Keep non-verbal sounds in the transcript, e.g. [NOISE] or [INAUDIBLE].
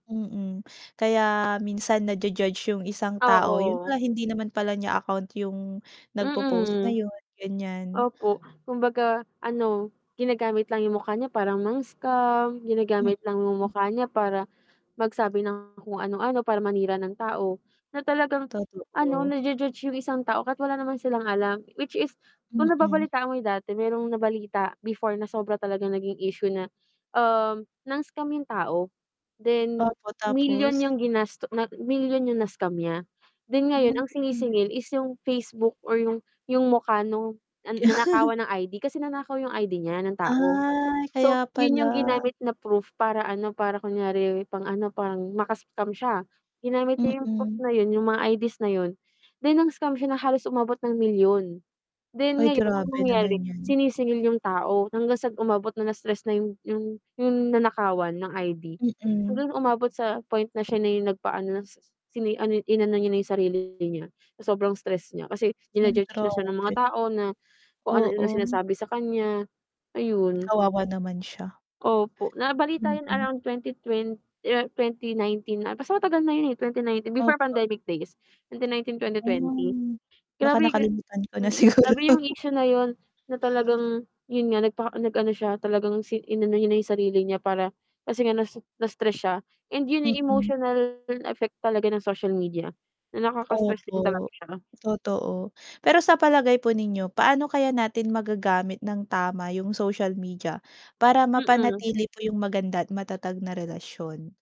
Mm, kaya minsan naju-judge yung isang tao. Yun Oo. pala hindi naman pala niya account yung nagpo-post na Mm. yun, ganyan. Opo, kumbaga ano, ginagamit lang yung mukha niya para mang-scam, Mm. ginagamit lang yung mukha niya para, mag-sabi ng kung anu-ano para manira ng tao, na talagang ano, Totoo. naju-judge yung isang tao kahit wala naman silang alam, which is kung Mm. nababalitaan mo yung dati merong nabalita before na sobra talagang naging issue na, um, nang-scam yung tao, then, Opo, milyon tapos? yung ginasto na milyon yung na-scam niya. Then ngayon Mm. ang sinisingil is yung Facebook or yung yung mukha nung, ah, [CHUCKLES] nanakawan ng ID. Kasi nanakaw 'yong ID niya, ng tao. Ay, So kaya yun pala! yung ginamit na proof para ano, para kunyari pang-ano, parang maka-scam siya. Ginamit niya 'yong proof Mm. na yun, yung mga ID's na yun. Then nang-scam siya na halos umabot ng milyon. Then Ay, ngayon ang grabe nangyari, naman yan. sinisingil yung tao, hanggang sa umabot na, na-stress na yung yung yung nanakawan ng ID. Mm. Hanggang umabot sa point na siya na yung nagpa-ano nasis sini ano inano niya na yung sarili niya, sa sobrang stress niya, kasi Ay, jina-judge na siya ng mga grabe. tao na kung anu-ano Oo. sinasabi sa kanya. Ayon. Kawawa naman siya. Opo, nabalita yun Mm. around twenty twen year 2019 'ata, basta matagal na yun eh, 2019, before Opo. pandemic days and then 19, 2020. Hmm, baka Grabe nga nakalimutan ko na mm, siguro. grabe yung issue na yun, na talagang yun nga, nagpaka nag-ano siya, talagang si inano niya na yung sarili niya para, kasi nga nasu na-stress siya, and yun yung Mm. emotional effect talaga ng social media, na nakaka-stress din talaga Opo. siya. Totoo. Pero sa palagay po ninyo, paano kaya natin magagamit nang tama yung social media? Para Mm. mapanatili po yung maganda at matatag na relasyon?